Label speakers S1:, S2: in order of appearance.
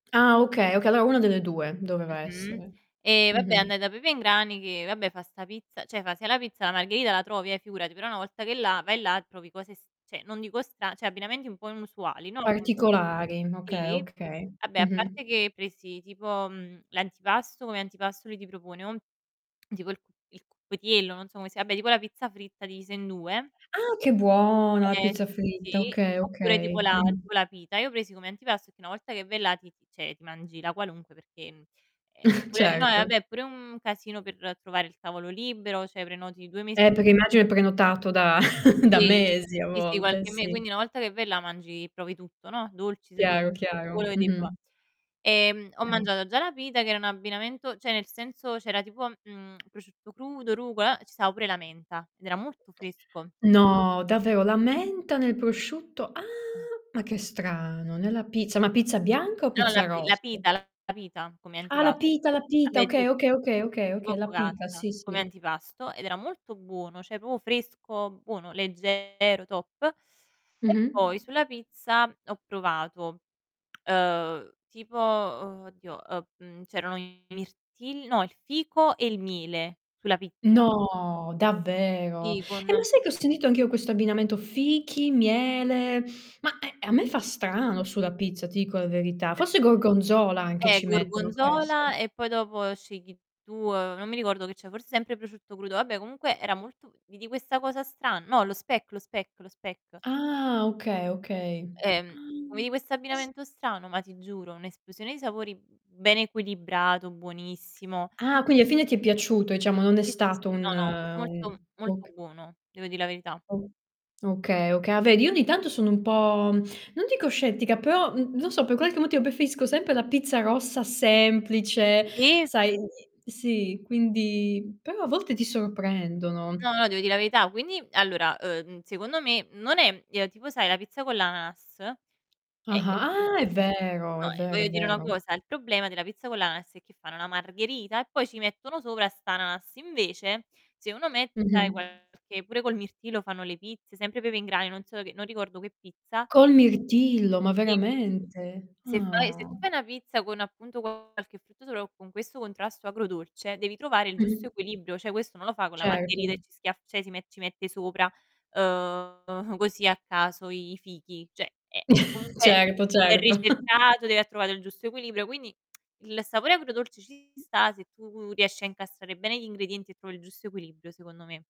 S1: Ah okay, okay, allora 1 delle 2, doveva
S2: Mh-mh,
S1: essere.
S2: e vabbè
S1: Mh-mh.
S2: andai da Pepe in Grani che, vabbè, fa 'sta pizza cioè fa se la pizza margherita la trovi, eh, figurati, però una volta che è là, vai là trovi cose s cioè non dico stra cioè abbinamenti un po' inusuali, no comunque
S1: Particolari, okay,
S2: sì,
S1: okay,
S2: vabbè a
S1: mh-mh.
S2: parte che presi tipo, mhmm, l'antipasto, come antipasto lui ti propone un tipo il cu il cuppietiello, non so come si vabbè tipo la pizza fritta divisa in 2.
S1: Ah che buona la
S2: Eh,
S1: pizza
S2: sì, sì,
S1: fritta,
S2: sì.
S1: okay,
S2: Oppure tipo
S1: okay,
S2: la
S1: mh.
S2: tipo la pita. Io presi come antipasto che una volta che vai là ti ti cioè ti mangi la qualunque perché, mhmm, eh pure no
S1: Certo.
S2: vabbè, è pure un casino per trovare il tavolo libero, cioè prenoti 2 mesi
S1: Eh, perché
S2: prima
S1: immagino è prenotato da da
S2: Sì,
S1: mesi a
S2: sì, sì
S1: volte,
S2: qualche me
S1: sì.
S2: quindi una volta che vai là mangi provi tutto, no, dolci, se
S1: Chiaro, chiaro,
S2: [unintelligible]
S1: mh-mh.
S2: ehm, ho
S1: [unintelligible]
S2: mangiato già la pita che era un abbinamento cioè nel senso c'era tipo, mhmm, prosciutto crudo, rucola, uh, ci stava pure la menta ed era molto fresco.
S1: No, davvero? La menta nel prosciutto? Ah,
S2: Eh.
S1: ma che strano, nella pizza. Ma pizza bianca o
S2: No, la
S1: pizza
S2: pi la
S1: rossa?
S2: pita la pita come
S1: Ah, la
S2: antipasto.
S1: pita, la pita.
S2: Vabbè ti
S1: Okay, okay, okay, okay,
S2: tipo
S1: okay. La pita,
S2: focaccia
S1: sì,
S2: come
S1: sì.
S2: antipasto ed era molto buono, cioè proprio fresco, buono, leggero, top. E
S1: Mh-mh.
S2: poi sulla pizza ho provato, ehm, tipo, uhm, oddio, ehm, mhmm, c'erano i mirtilli no, il fico e il miele sulla pizza.
S1: No, davvero?
S2: Fi
S1: Eh,
S2: con
S1: ma sai che ho sentito anch'io questo abbinamento fichi, miele, ma, ehm, ehm, a me fa strano sulla pizza, ti dico la verità.
S2: [unintelligible]
S1: Forse gorgonzola anche
S2: Eh,
S1: ci mettono, può essere.
S2: gorgonzola e poi dopo scegli tu, uhm, non mi ricordo che c'era, forse sempre prosciutto crudo. Vabbè comunque era molto vidi questa cosa stra no lo speck, lo speck, lo speck.
S1: Ah, okay, okay. Ah,
S2: Ehm, vedi questo
S1: e s
S2: abbinamento strano, ma ti giuro un'esplosione di sapori, mhmm, ben equilibrato, buonissimo.
S1: Ah, quindi alla fine ti è piaciuto, diciamo, non è
S2: Sì, sì, sì,
S1: stato
S2: sì.
S1: un
S2: No, no, molto
S1: un
S2: molto
S1: oc
S2: buono, devo dì la verità.
S1: O okay, okay. Ah vedi, io ogni tanto sono un po', non dico scettica, però, mh, non so, per qualche motivo preferisco sempre la pizza rossa semplice,
S2: Sì.
S1: sai sì, quindi però a volte ti sorprendono.
S2: No, no, devo dì la verità. Quindi, allora, ehm, secondo me non è ehm, tipo sai la pizza con l'ananas? È è il pro
S1: Ah, ah è vero,
S2: no,
S1: è
S2: ehm,
S1: vero, è
S2: voglio dire una
S1: vero.
S2: cosa: il problema della pizza con l'ananas è che fanno la margherita, e poi ci mettono sopra st'ananas. Invece se uno mette, sai,
S1: Mh-mh.
S2: qualche pure col mirtillo fanno le pizze, sempre Pepe in Grani, non so che non ricordo che pizza
S1: Col mirtillo? Ma
S2: [unintelligible]
S1: veramente?
S2: Se fai se
S1: Ah.
S2: tu fai una pizza con appunto qualche frutto, solo con questo contrasto agrodolce, devi trovare il giusto
S1: Mh-mh.
S2: equilibrio, cioè questo non lo fa con la margherita e
S1: Certo.
S2: ci schiaff cioè, si met ci mette sopra, ehm così a caso i fichi. Cioè, eh, eh, comunque
S1: Certo,
S2: è
S1: certo.
S2: ricercato, deve aver trovato il giusto equilibrio, quindi il sapore agrodolce ci sta, se tu riesci a incastrare bene gli ingredienti e trovi il giusto equilibrio, secondo me.